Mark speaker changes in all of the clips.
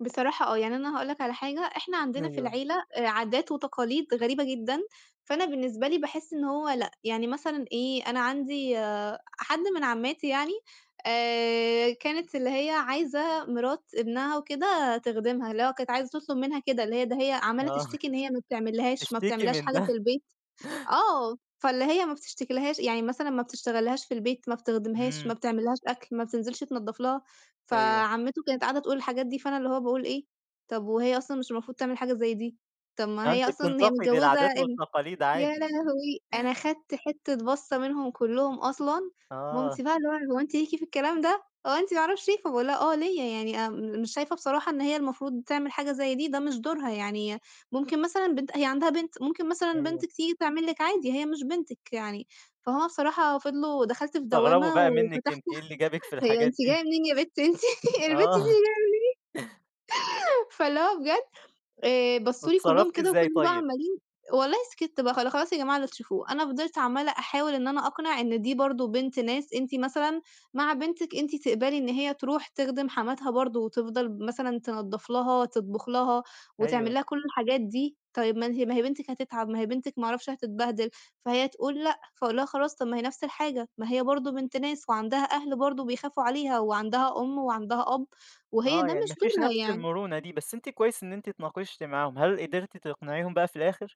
Speaker 1: بصراحة آه، يعني أنا هاقول لك على حاجة إحنا عندنا في
Speaker 2: أيوه.
Speaker 1: العيلة آآ، عادات وتقاليد غريبة جدًا، فأنا بالنسبة لي باحِسّ إن هو لأ، يعني مثلًا إيه أنا عندي حد من عمّاتي يعني، آآ، كانت اللي هي عايزة مرات ابنها وكده تخدِمها، اللي هو كانت عايزة تطلب منها كده، اللي هي ده هي عمّالة
Speaker 2: آه،
Speaker 1: تشتكي إن هي ما بتعملّهاش ما
Speaker 2: تشتكي
Speaker 1: بتعملّهاش
Speaker 2: من
Speaker 1: حاجة
Speaker 2: ده؟
Speaker 1: في البيت، آه، فاللي هي ما بتشتكيلهاش يعني مثلًا ما بتشتغلّهاش في البيت، ما بتخدمهاش، ما
Speaker 2: إمم.
Speaker 1: بتعملّهاش أكل، ما بتنزلش تنضّف لها،
Speaker 2: أيوه.
Speaker 1: فعمتو كانت قاعدة تقول الحاجات دي فأنا اللي هو باقول إيه، طَب وهي أصلًا مش المفروض تعمل حاجة زي دي، طَب ما
Speaker 2: آه،
Speaker 1: هي
Speaker 2: أنتِ
Speaker 1: أصلًا هي
Speaker 2: بتنتقدي
Speaker 1: متجوزة
Speaker 2: العادات
Speaker 1: ابن
Speaker 2: والتقاليد
Speaker 1: يا
Speaker 2: عادي.
Speaker 1: لهوي! أنا خدت حتة بصّة منهم كلّهم أصلًا،
Speaker 2: آه.
Speaker 1: مامتي بقى اللي هو هو أنتِ ليكِ في الكلام ده، هو أنتِ ما اعرفش إيه، فباقول لها آه ليّا، يعني آمم مش شايفة بصراحة إن هي المفروض تعمل حاجة زي دي، ده مش دورها يعني ممكن مثلًا بنت أ هي عندها بنت، ممكن مثلًا
Speaker 2: أيوه.
Speaker 1: بنتِك تيجي تعمل لِك عادي، هي مش بنتِك يعني، فهُم بصراحة فِضلوا دخلت في
Speaker 2: استغربوا
Speaker 1: دوّامة،
Speaker 2: بقى منِّك
Speaker 1: وفتحت
Speaker 2: أنتِ إيه اللي جابِك في
Speaker 1: هي
Speaker 2: الحاجات
Speaker 1: أنتِ
Speaker 2: دي؟
Speaker 1: جاية منين يا بت أنتِ، البنت
Speaker 2: آه.
Speaker 1: دي جاية منين فاللي هو بجد آآ، بصّوا لي كلّهم
Speaker 2: واتصرّفتِ
Speaker 1: كده
Speaker 2: ازاي
Speaker 1: وفِضلوا بقى
Speaker 2: طيب؟
Speaker 1: عمّالين والله سكِتّ، بقى خلا خلاص يا جماعة اللي تشوفوه، أنا فضلت عمّالة أحاول إن أنا أقنع إن دي برضه بنت ناس أنتِ مثلًا مع بنتِك أنتِ تقبلي إن هي تروح تخدِم حماتها برضه، وتفضل ب مثلًا تنضّف لها تطبخ لها، وتعمل
Speaker 2: أيوه.
Speaker 1: لها كُلّ الحاجات دي، طيب ما أنتِ ما هي بنتِك هتتعب ما هي بنتِك ما اعرفش هتتبهدِل، فهي تقول لأ، فاقول لها خلاص طَب ما هي نفس الحاجة، ما هي برضه بنت ناس، وعندها أهل برضه بيخافوا عليها، وعندها أُم وعندها أب وهي
Speaker 2: آه،
Speaker 1: ده
Speaker 2: يعني
Speaker 1: مش
Speaker 2: ما فيش
Speaker 1: دورها
Speaker 2: نفس
Speaker 1: يعني.
Speaker 2: المرونة دي، بس أنتِ كويس إن أنتِ اتناقشتِ معاهم، هل قدرتِ تقنعيهم بقى في الآخر؟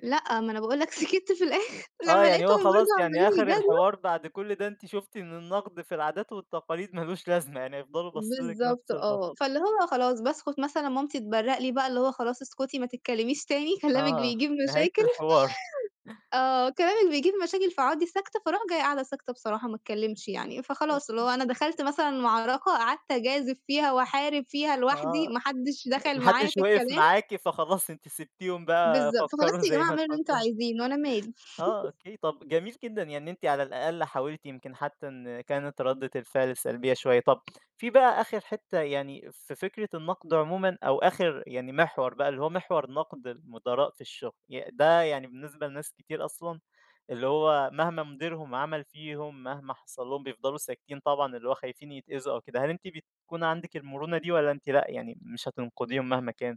Speaker 1: لأ، ما أنا باقول لك سكِتّ في الآخر،
Speaker 2: آه،
Speaker 1: لمّا
Speaker 2: يعني
Speaker 1: لقيتهم
Speaker 2: هو خلاص
Speaker 1: برضه
Speaker 2: يعني
Speaker 1: عمّالين
Speaker 2: آخر
Speaker 1: يجادلوا
Speaker 2: الحوار بعد كل ده أنتِ شُفتِ إن النقد في العادات والتقاليد ما لوش لازمة، يعني هيفضلوا باصّين لِك
Speaker 1: بالضبط
Speaker 2: نفس البصّة.
Speaker 1: آه، فاللي هو خلاص باسكُت مثلًا مامتي تبرّق لي بقى، اللي هو خلاص اسكتي، ما تتكلميش تاني كلامِك
Speaker 2: آه،
Speaker 1: بيجيب
Speaker 2: نهاية
Speaker 1: مشاكل،
Speaker 2: الحوار.
Speaker 1: آه، كلامِك بيجيب مشاكل، فاقعُدي ساكتة فاروح جاية قاعدة ساكتة بصراحة، ما اتكلمش يعني فخلاص اللي هو أنا دخلت مثلًا معركة، قعدت أجازف فيها وأحارب فيها لوحدي،
Speaker 2: آه
Speaker 1: ما حدش
Speaker 2: أ
Speaker 1: دخل
Speaker 2: ما
Speaker 1: معايا
Speaker 2: حدش
Speaker 1: في
Speaker 2: وقف
Speaker 1: الكلام.
Speaker 2: معاكِ فخلاص أنتِ سبتيهم بقى
Speaker 1: بالضبط، فخلاص
Speaker 2: فكّروا
Speaker 1: يا
Speaker 2: زي
Speaker 1: جماعة
Speaker 2: ما
Speaker 1: اعملوا اللي أنتم
Speaker 2: تفكّروا.
Speaker 1: عايزينُه، أنا مالي.
Speaker 2: آه أوكي، طَب جميل جدًا، يعني إن أنتِ على الأقل حاولتِ يمكن حتى إن كانت ردِّة الفعل سلبية شوية، طَب في بقى آخر حتة يعني في فكرة النقد عمومًا، أو آخر يعني محور بقى اللي هو محور نقد المُدراء في الشغل، ي ده يعني بالنسبة لناس كتير أصلًا اللي هو مهما مُديرهم عمل فيهم، مهما حصل لهم بيفضلوا ساكتين، طبعًا اللي هو خايفين يتأذوا أو كده، هل أنتِ بتكون عندِك المرونة دي؟ والَّا أنتِ لأ يعني مش هتنقديهم مهما كان؟